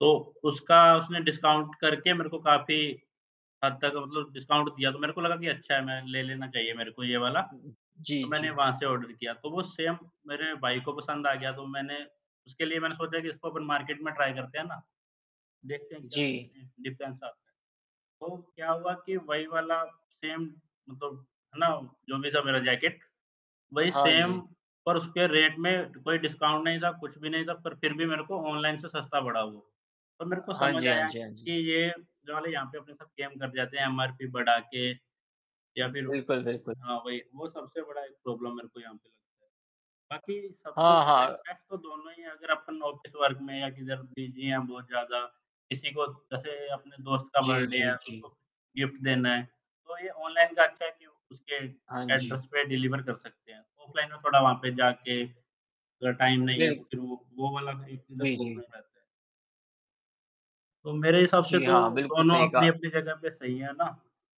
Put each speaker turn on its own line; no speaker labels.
तो उसका उसने डिस्काउंट करके मेरे को काफ़ी हद तक मतलब डिस्काउंट दिया तो मेरे को लगा कि अच्छा है मैं ले लेना चाहिए मेरे को ये वाला।
उ,
तो
जी,
मैंने
जी।
वहाँ से ऑर्डर किया तो वो सेम मेरे भाई को पसंद आ गया तो मैंने उसके लिए मैंने सोचा कि इसको अपन मार्केट में ट्राई करते हैं ना देखते हैं क्या
जी।
डिफरेंस आता है तो क्या हुआ कि वही वाला सेम मतलब है ना जो भी था मेरा जैकेट वही
हाँ
सेम
जी।
पर उसके रेट में कोई डिस्काउंट नहीं था, कुछ भी नहीं था पर फिर भी मेरे को ऑनलाइन से सस्ता पड़ा वो। तब मेरे को
हाँ
समझ
जी, हाँ
आया
जी, हाँ
कि
जी।
ये जो हमें यहाँ पे अपने साथ गेम कर दिए जाते हैं एमआरपी बढ़ा के या
उ,
फिर
बिल्कुल, बिल्कुल।
हाँ, वही वो सबसे बड़ा एक प्रॉब्लम मेरे को यहाँ पे। बाकी सबसे
हाँ,
बेस्ट
हाँ।
बेस्ट तो दोनों ही है अगर अपन ऑफ़िस वर्क में या किधर बिजी है बहुत ज़्यादा किसी को जैसे अपने दोस्त का
जी,
बर्थडे है
जी,
उसको
जी।
गिफ्ट देना है तो ये ऑनलाइन का अच्छा है कि उसके
हाँ जी।
एड्रेस पे डिलीवर कर सकते हैं। ऑफलाइन में थोड़ा वहाँ पे जाके अगर टाइम नहीं है तो
बिल
फिर वो वो वाला में
जी, जी।
[unintelligible] तो मेरे हिसाब से
जी
तो
हाँ, बिल्कुल
दोनों
सही कहा।
अपनी-अपनी जगह पे सही है ना?